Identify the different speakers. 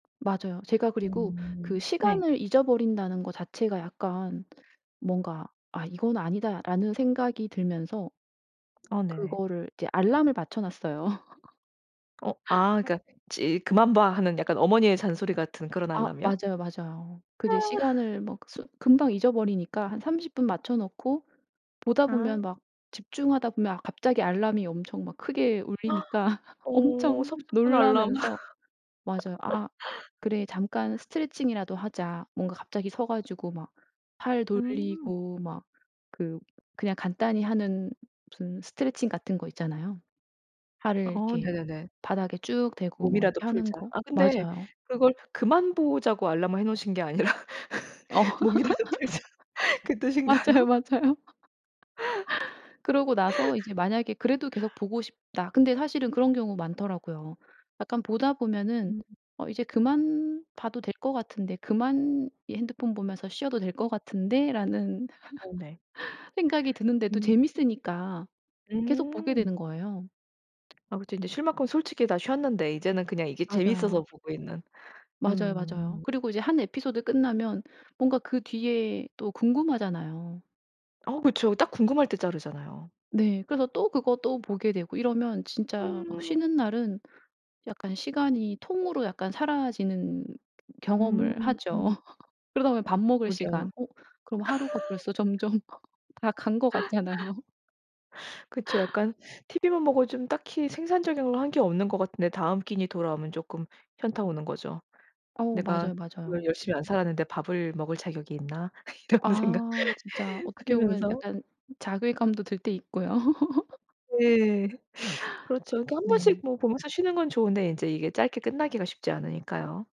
Speaker 1: 맞아요. 제가 그리고 그
Speaker 2: 음 네.
Speaker 1: 시간을 잊어버린다는 거 자체가 약간 뭔가 '아 이건 아니다.'라는 생각이 들면서
Speaker 2: 아 네네.
Speaker 1: 그거를 이제 알람을 맞춰 놨어요.
Speaker 2: 어. 아 그니까 찌릿 "그만 봐" 하는 약간 어머니의 잔소리 같은 그런
Speaker 1: 아
Speaker 2: 알람이요?
Speaker 1: 맞아요, 맞아요.
Speaker 2: 아.
Speaker 1: 근데 시간을 막 쓰 금방 잊어버리니까 한 30 분 맞춰 놓고 보다
Speaker 2: 아.
Speaker 1: 보면 막 집중하다 보면 아 갑자기 알람이 엄청 막 크게 울리니까
Speaker 2: 어
Speaker 1: 엄청
Speaker 2: 섭섭한 알람.
Speaker 1: 놀라면서. 맞아요. '아 그래 잠깐 스트레칭이라도 하자.' 뭔가 갑자기 서 가지고 막 팔
Speaker 2: 음.
Speaker 1: 돌리고 막 그 그냥 간단히 하는 무슨 스트레칭 같은 거 있잖아요. 팔을
Speaker 2: 어
Speaker 1: 이렇게
Speaker 2: 네네네.
Speaker 1: 바닥에 쭉 대고 뭐
Speaker 2: 몸이라도
Speaker 1: 이렇게 하는
Speaker 2: 풀자.
Speaker 1: 거
Speaker 2: 아 근데
Speaker 1: 맞아요.
Speaker 2: 그걸 그만 보자고 알람을 해 놓으신 게 아니라 몸이라도 풀자. 그
Speaker 1: 맞아요,
Speaker 2: 뜻인가요?
Speaker 1: 맞아요. 그러고 나서 이제 만약에 그래도 계속 보고 싶다. 근데 사실은 그런 경우 많더라고요. 약간 보다 보면은
Speaker 2: 음.
Speaker 1: 어 '이제 그만 봐도 될 거 같은데 그만 이 핸드폰 보면서 쉬어도 될 거 같은데.'라는
Speaker 2: 어 네.
Speaker 1: 생각이 드는데도
Speaker 2: 음.
Speaker 1: 재밌으니까 계속 보게
Speaker 2: 음.
Speaker 1: 되는 거예요.
Speaker 2: 아 그쵸. 인제 쉴 만큼 솔직히 다 쉬었는데 이제는 그냥 이게 재밌어서
Speaker 1: 맞아요.
Speaker 2: 보고 있는.
Speaker 1: 맞아요, 맞아요.
Speaker 2: 음.
Speaker 1: 그리고 이제 한 에피소드 끝나면 뭔가 그 뒤에 또 궁금하잖아요.
Speaker 2: 어 그쵸. 딱 궁금할 때 자르잖아요.
Speaker 1: 네. 그래서 또 그거 또 보게 되고 이러면 진짜 막
Speaker 2: 음.
Speaker 1: 쉬는 날은 약간 시간이 통으로 약간 사라지는
Speaker 2: 음
Speaker 1: 경험을 하죠.
Speaker 2: 음.
Speaker 1: 그러다 보면 밥 먹을 시간.
Speaker 2: 그러게요.
Speaker 1: 어 그럼 하루가 벌써 점점 다 간 거 같잖아요.
Speaker 2: 그쵸. 약간 티브이만 보고 좀 딱히 생산적인 걸 한 게 없는 것 같은데 다음 끼니 돌아오면 쪼끔 현타 오는 거죠.
Speaker 1: 어
Speaker 2: '내가
Speaker 1: 맞아요,
Speaker 2: 오늘
Speaker 1: 맞아요.
Speaker 2: 열심히 안 살았는데 밥을 먹을 자격이 있나?' 이런 생각
Speaker 1: 아. 진짜 어떻게 보면
Speaker 2: 들면서.
Speaker 1: 약간 자괴감도 들 때 있고요.
Speaker 2: 네. 그렇죠. 이렇게 1 번씩
Speaker 1: 네.
Speaker 2: 뭐 보면서 쉬는 건 좋은데 인제 이게 짧게 끝나기가 쉽지 않으니까요.